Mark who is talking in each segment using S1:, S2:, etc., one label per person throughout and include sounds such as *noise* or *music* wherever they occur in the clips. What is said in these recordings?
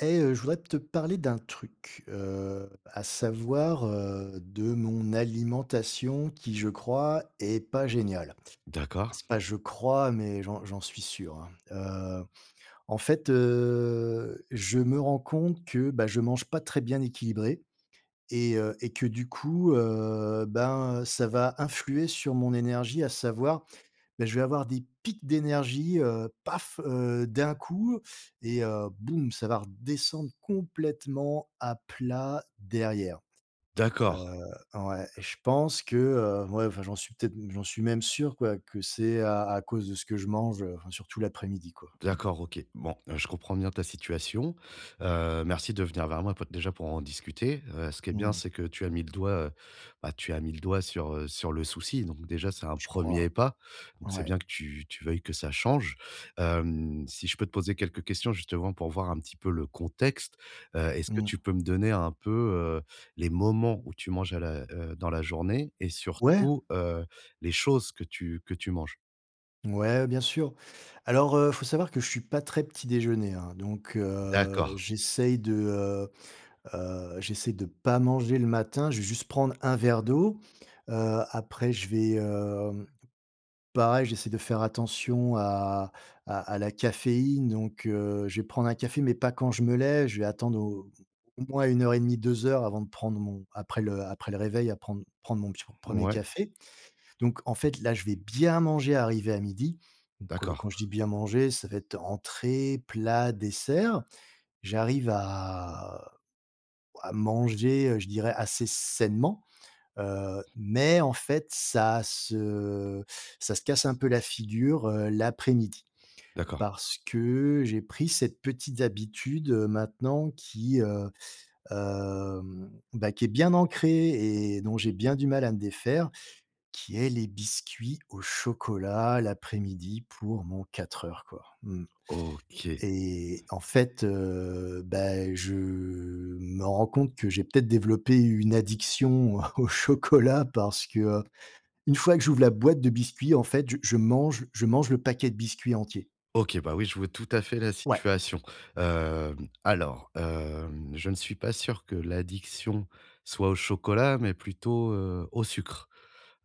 S1: Eh heu, je voudrais te parler d'un truc, heu, à savoir, heu, de mon alimentation qui, je crois, est pas géniale. Enfin,
S2: D'accord.
S1: c'est pas je crois, mais j'en j'en suis sûr, hein. Heu, en fait heu, je me rends compte que, bah, je mange pas très bien équilibré. Et heu et que, du coup, heu, ben, ça va influer sur mon énergie, à savoir, beh, je vais avoir des pics d'énergie, heu, paf! Heu, d'un coup, et, heu, boum! Ça va redescendre complètement à plat derrière. Heu,
S2: D'accord.
S1: ouais, et je pense que, heu ouais enfin, j'en suis peut-être m j'en suis même sûr quoi, que c'est à à cause de ce que je mange. Heu, enfin surtout l'après-midi, quoi, mmh.
S2: D'accord, OK. Bon, heu, je comprends bien ta situation. Heu, merci de venir vers moi, po déjà, pour en discuter. Heu, ce qu'il y a de
S1: Mmh
S2: bien,
S1: mh.
S2: c'est que tu as mis le doigt, heu, bah, tu as mis le doigt sur, heu, sur le souci, donc déjà, c'est un
S1: Je
S2: 1er
S1: crois,
S2: pas. Donc, c'est
S1: ouais.
S2: bien que tu tu veuilles que ça change. Hem, si je peux te poser quelques questions justement, pour voir un petit peu le contexte? Heu, est-ce que
S1: Mmh.
S2: tu peux me donner un peu, heu, les moments où tu manges à la heu, dans la journée et,
S1: Ouais!
S2: surtout, heu, les choses que tu que tu manges?
S1: Mouais, bien sûr. Alors, heu, faut savoir que je suis pas très petit-déjeuner, hein. Donc, heu,
S2: D'accord.
S1: j'essaie de, heu heu, j'essaie de pas manger le matin. Je vais juste prendre un verre d'eau. Heu, après, je vais, hem, pareil, j'essaie de faire attention à à à la caféine, donc, heu, je vais prendre un café, mais pas quand je me lève. Je vais attendre au au moins 1 heure et demie, 2 heures avant de prendre mon après le après le réveil, à prendre prendre mon peti 1er
S2: Ouais.
S1: café. Donc, en fait, là, je vais bien manger arrivé à 12:00. Donc, heu,
S2: D'accord.
S1: quand je dis: «Bien manger», ça va être entrée, plat, dessert. J'arrive à à manger, heu, je dirais assez sainement. Heu, mais, en fait, ça se ça se casse un peu la figure, heu, l'après-midi.
S2: D'accord.
S1: Parce que j'ai pris cette petite habitude, heu, maintenant qui, heu, hem bah, qui est bien ancrée et dont j'ai bien du mal à me défaire. Qui est les biscuits au chocolat l'après-midi pour mon 4 heures, quoi, mmh.
S2: OK.
S1: Et, en fait, heu, beh, je me rends compte que j'ai peut-être développé une addiction au chocolat, parce que, heu, une fois que j'ouvre la boîte de biscuits, en fait, je je mange je mange le paquet de biscuits entier.
S2: OK, bah oui, je vois tout à fait la
S1: Ouais.
S2: situation. Hem, alors, hem, je ne suis pas sûr que l'addiction soit au chocolat, mais plutôt, heu, au sucre.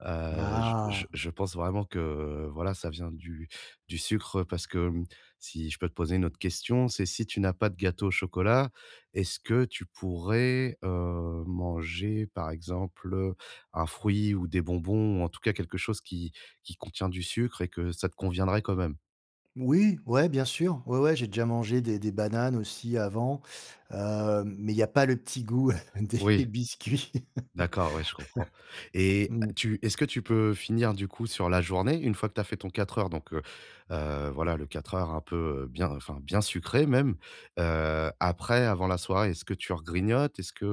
S2: Heu, j je
S1: Ah!
S2: je pense vraiment que voilà, ça vient du du sucre, parce que, mmh, si je peux te poser une autre question, c'est si tu n'as pas de gâteau au chocolat, est-ce que tu pourrais, heu, manger, par exemple, un fruit ou des bonbons? Ou en tout cas, quelque chose qui qui contient du sucre, et que ça te conviendrait quand même?
S1: Oui, ouais, bien sûr. Ouais, ouais, j'ai déjà mangé des des bananes aussi, avant. Heu, mais il y a pas le petit goût des
S2: Oui.
S1: biscuits.
S2: D'accord, ouais, je comprends.
S1: *laughs*
S2: Et,
S1: Mmh.
S2: tu est-ce que tu peux finir du coup sur la journée? Une fois que tu as fait ton 4 heures donc, heu, heu, voilà, le 4 heures un peu bien enfin, bien sucré même. Heu, après, avant la soirée, est-ce que tu regrignotes? Est-ce que,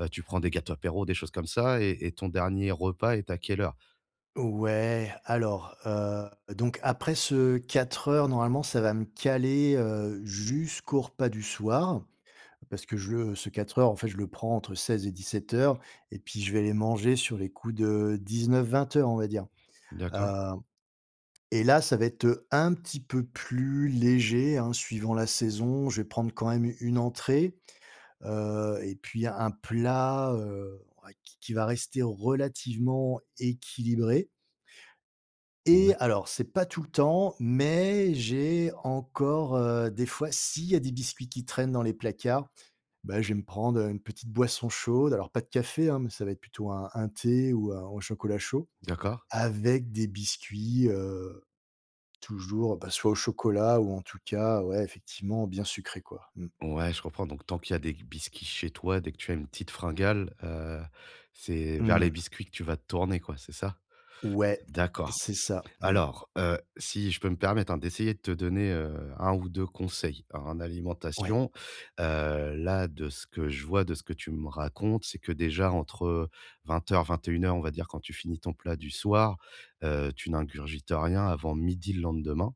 S2: heu, tu prends des gâteaux apéro, des choses comme ça? Et et ton dernier repas est à quelle heure?
S1: Ouais, alors, heu, donc, après ce 4 heures, normalement, ça va me caler, heu, jusqu'au repas du soir. Parce que, je le ce 4 heures, en fait, je le prends entre 16 et 17:00. Et puis, je vais aller manger sur les coups de 19:00-20:00, on va dire.
S2: D'accord.
S1: Hem et là, ça va être un petit peu plus léger, hein, suivant la saison. Je vais prendre quand même u une entrée, heu, et puis un plat, heu, ouais qui qui va rester relativement équilibré. Et
S2: Ouais.
S1: alors c'est pas tout le temps, mais j'ai encore, heu, des fois s'il y a des biscuits qui traînent dans les placards. Ben, je vais me prendre une petite boisson chaude. Alors, pas de café, hein, mais ça va être plutôt un un thé ou un ou un chocolat chaud
S2: D'accord.
S1: avec des biscuits, heu toujours, ben soit au chocolat ou en tout cas, ouais, effectivement, bien sucré, quoi, mmh.
S2: Ouais, je comprends. Donc, tant qu'il y a des qu biscuits chez toi, dès que tu as une petite fringale, heu, c'est vers
S1: Mmh.
S2: les biscuits que tu vas te tourner, quoi, c'est ça?
S1: Ouais,
S2: D'accord.
S1: c'est ça. Mmh.
S2: Alors, heu, si je peux me permettre, hein, d'essayer de te donner, heu, 1 ou 2 conseils en
S1: Ouais.
S2: alimentation. Heu, là, de ce que je vois, de ce que tu me racontes, c'est que déjà entre 20:00-21:00 on va dire, quand tu finis ton plat du soir, heu, tu n'ingurgites rien avant 12:00 le lendemain.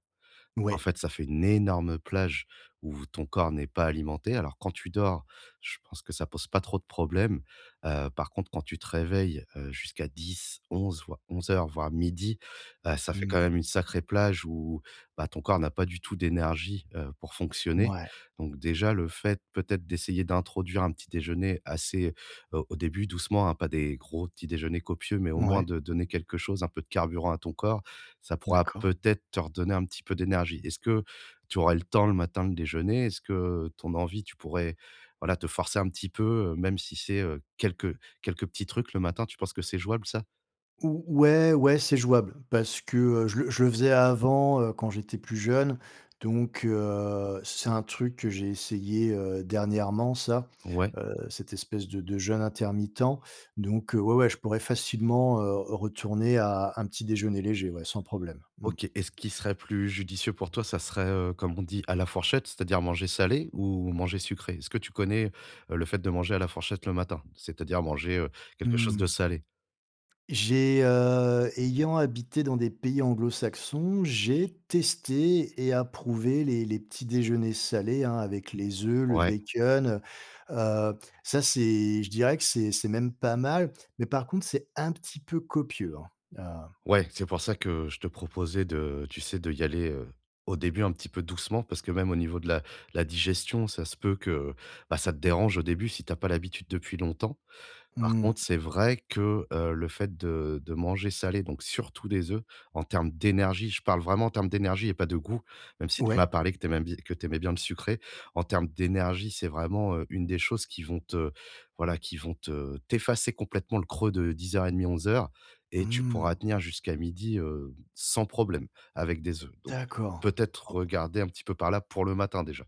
S2: En
S1: Ouais.
S2: fait, ça fait une énorme plage où ton corps n'est pas alimenté. Alors, quand tu dors, je pense que ça pose pas trop de problèmes. Heu, par contre, quand tu te réveilles, heu, jusqu'à 10-11, voire 11:00, voire 12:00. Heu, ça fait
S1: Mmh
S2: quand
S1: mh.
S2: même une sacrée plage où, bah, ton corps n'a pas du tout d'énergie, heu, pour fonctionner.
S1: Mouais.
S2: Donc déjà, le fait peut-être d'essayer d'introduire un petit-déjeuner assez au au début, doucement, hein. Pas des gros petits déjeuners copieux, mais au moins
S1: Mouais.
S2: de donner quelque chose, un peu de carburant à ton corps. Ça pourra
S1: D'accord.
S2: peut-être te redonner un petit peu d'énergie. Est-ce que tu aurais le temps, le matin de déjeuner? Est-ce que ton envie, tu pourrais, voilà, te forcer un petit peu? Heu même si c'est, heu, quelques quelques petits trucs le matin, tu penses que c'est jouable ça?
S1: Ou ouais ouais, c'est jouable. Parce que, heu, je le je le faisais avant, heu, quand j'étais plus jeune. Donc, heu, c c'est un truc que j'ai essayé, heu, dernièrement, ça.
S2: Ouais.
S1: Heu, cette espèce de de jeûne intermittent. Donc, heu, ouais, ouais, je pourrais facilement, heu, retourner à un petit-déjeuner léger, ouais, sans problème. Mmh.
S2: OK. Et ce qu'il serait plus judicieux pour toi, ça serait, heu, comme on dit: «à la fourchette», c'est-à-dire manger salé ou manger sucré? Est-ce que tu connais, heu, le fait de manger à la fourchette le matin? C'est-à-dire manger, heu, quelque chose de
S1: Mmh.
S2: salé.
S1: J'ai, heu ayant habité dans des pays anglo-saxons, j'ai testé et approuvé les les petits déjeuners salés, hein, avec les oeufs, le
S2: Ouais.
S1: bacon. Heu heu, ça, c'est je dirais que c'est c'est même pas mal. Mais par contre, c'est un petit peu copieux, hein. Ah
S2: Ouais, c'est pour ça que je te proposais de tu sais, d'y aller, heu, au début un petit peu doucement parce que, même au niveau de la la digestion. Ça se peut que bah ça te dérange au début, si tu as pas l'habitude depuis longtemps. Par contre,
S1: Mmh.
S2: c'est vrai que, heu, le fait de de manger salé, donc surtout des œufs. En termes d'énergie, je parle vraiment en termes d'énergie et pas de goût, même si tu
S1: Ouais.
S2: m'as parlé que tu aimais bi que tu aimais bien le sucré. En termes d'énergie, c'est vraiment, heu, une des choses qui vont te voilà, qui vont te t'effacer complètement le creux de 10:30-11:00. Et tu pourras
S1: Mmh.
S2: tenir jusqu'à 12:00, heu, sans problème, avec des œufs. Donc,
S1: D'accord.
S2: peut-être
S1: Oh.
S2: regarder un petit peu par là pour le matin, déjà.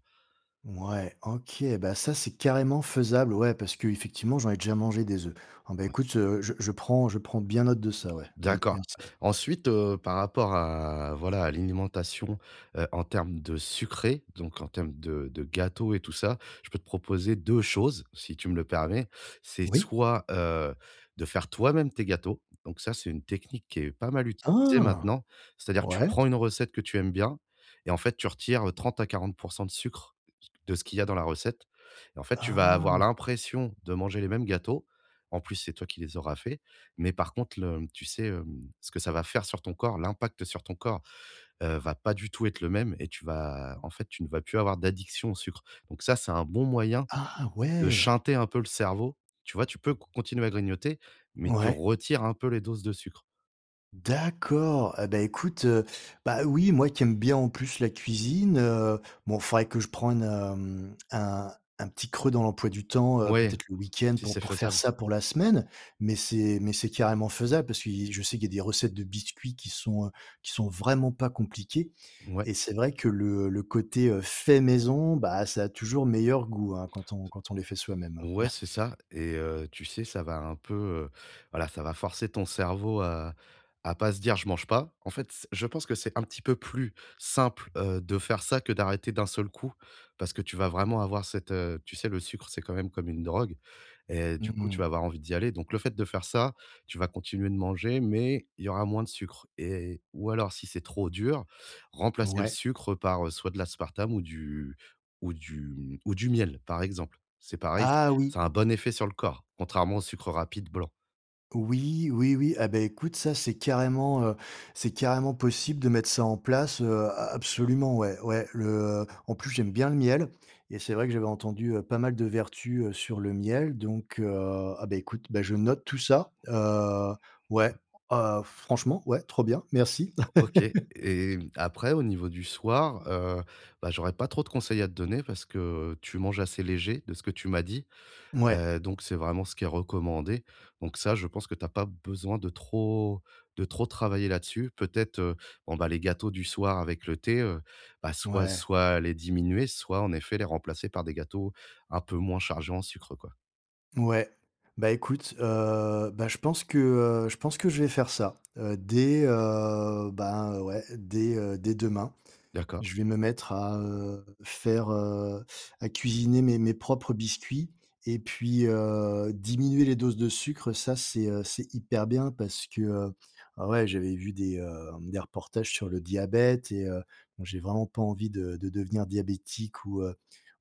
S1: Mouais, OK. Bah ça, c'est carrément faisable, ouais. Parce qu'effectivement, j'en ai déjà mangé, des œufs. Oh, ben
S2: Ouais.
S1: écoute, je je prends je prends bien note de ça, ouais, mmh,
S2: D'accord.
S1: merci.
S2: Ensuite, heu, par rapport à voilà, à l'alimentation, heu, en termes de sucré, donc en termes de de gâteau et tout ça. Je peux te proposer 2 choses, si tu me le permets. C'est
S1: Oui.
S2: soit, heu, de faire toi-même tes gâteaux. Donc ça, c'est une technique qui est pas mal utilisée
S1: Ah!
S2: maintenant. C'est-à-dire, tu
S1: Ouais.
S2: prends une recette que tu aimes bien et, en fait, tu retires 30 à 40 % de sucre, *unintelligible* de ce qu'il y a dans la recette. Et en fait, tu vas
S1: Ah!
S2: avoir l'impression de manger les mêmes gâteaux, en plus, c'est toi qui les auras faits. Mais par contre, le, mmh tu sais, hem, ce que ça va faire sur ton corps. L'impact sur ton corps, heu, va pas du tout être le même et tu vas, en fait, tu ne vas plus avoir d'addiction au sucre. Donc ça, c'est un bon moyen
S1: Ah!
S2: de
S1: Ouais.
S2: shunter un peu le cerveau, tu vois? Tu peux con continuer à grignoter, mais tu
S1: Ouais.
S2: retires un peu les doses de sucre.
S1: D'accord! Et bah, écoute, heu, bah, oui moi qui aime bien en plus la cuisine, heu bon faudrait que je prends une, hem un un petit creux dans l'emploi du temps, heu,
S2: Ouais,
S1: peut-être le week-end
S2: si
S1: pour
S2: c'est
S1: pour faire
S2: faisable.
S1: ça pour la semaine. Mais c'est mais c'est carrément faisable, parce qu'il je sais qu'il y a des recettes de biscuits qui sont, heu qui sont vraiment pas compliquées.
S2: Ouais.
S1: Et c'est vrai que le le côté, heu, fait maison, bah, ça a toujours meilleur goût, hein, quand on
S2: C
S1: quand on les fait soi-même.
S2: ouais,
S1: *chuckles*
S2: c'est ça. Et heu, tu sais, ça va un peu, heu, voilà, ça va forcer ton cerveau à à pas se dire: «Je mange pas». En fait c je pense que c'est un petit peu plus simple, heu, de faire ça, que d'arrêter d'un seul coup. Parce que tu vas vraiment avoir cette, heu tu sais le sucre, c'est quand même comme une drogue et du
S1: Mmh
S2: coup tu
S1: mh.
S2: vas avoir envie d'y aller. Donc le fait de faire ça, tu vas continuer de manger mais il y aura moins de sucre et ou alors, si c'est trop dur, remplacer le
S1: Ouais.
S2: sucre par, heu, soit de l'aspartame ou du ou du m ou du miel, par exemple. C'est pareil c
S1: Ah oui!
S2: ça a un bon effet sur le corps, contrairement au sucre rapide blanc.
S1: Oui, oui, oui! Ah, bah écoute, ça, c'est carrément, heu, c'est carrément possible de mettre ça en place. Heu, a absolument, ouais, ouais. Le, heu en plus, j'aime bien le miel et c'est vrai que j'avais entendu, heu, pas mal de vertus, heu, sur le miel. Donc, heu ah beh écoute, bah, je note tout ça. Heu, ouais,
S2: Ouais.
S1: heu, franchement, ouais, trop bien, merci!
S2: O OK
S1: *laughs*
S2: et après au niveau du soir, heu, bah, j'aurais pas trop de conseils à te donner, parce que, heu, tu manges assez léger de ce que tu m'as dit.
S1: Mouais.
S2: Heu, donc c'est vraiment ce qui est recommandé. Donc ça je pense que tu as pas besoin de trop de trop travailler là-dessus. Peut-être, heu, bon ben, les gâteaux du soir avec le thé, heu, bah, soit
S1: Mouais.
S2: soit les diminuer, soit en effet les remplacer par des gâteaux un peu moins chargés en sucre, quoi.
S1: Mouais, bah, écoute, heu, bah, je pense que, heu je pense que je vais faire ça. Heu, dès heu, ben, heu, ouais, dès, heu dès demain.
S2: D'accord.
S1: Je vais me mettre à, heu, faire heu à cuisiner mes mes propres biscuits. Et puis, heu, diminuer les doses de sucre, ça, c'est c'est hyper bien parce que, heu ah ouais, j'avais vu des, heu, des reportages sur le diabète et heu, bon, j'ai vraiment pas envie de de devenir diabétique ou, heu,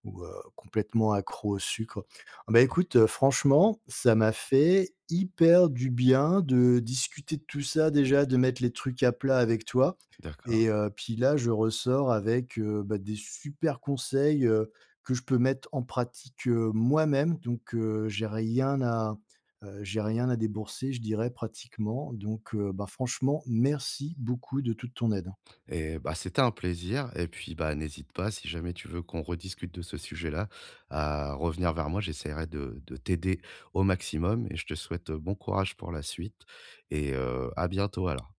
S1: ou, heu, complètement accro au sucre. En ben,
S2: *unintelligible*
S1: écoute, franchement, ça m'a fait hyper du bien de discuter de tout ça déjà, de mettre les trucs à plat avec toi.
S2: D'accord.
S1: Et, heu, puis là, je ressors avec, heu, bah, des super conseils, heu, que je peux mettre en pratique, heu, moi-même. Donc, heu, j'ai rien à heu, j'ai rien à débourser, je dirais pratiquement. Donc, heu, ben, franchement, merci beaucoup de toute ton aide.
S2: Et bah! c'était un plaisir. Et puis, bah, n'hésite pas, si jamais tu veux qu'on rediscute de ce sujet-là, à revenir vers moi. J'essaierai de de t'aider au maximum et je te souhaite, heu, bon courage pour la suite et, heu, à bientôt alors.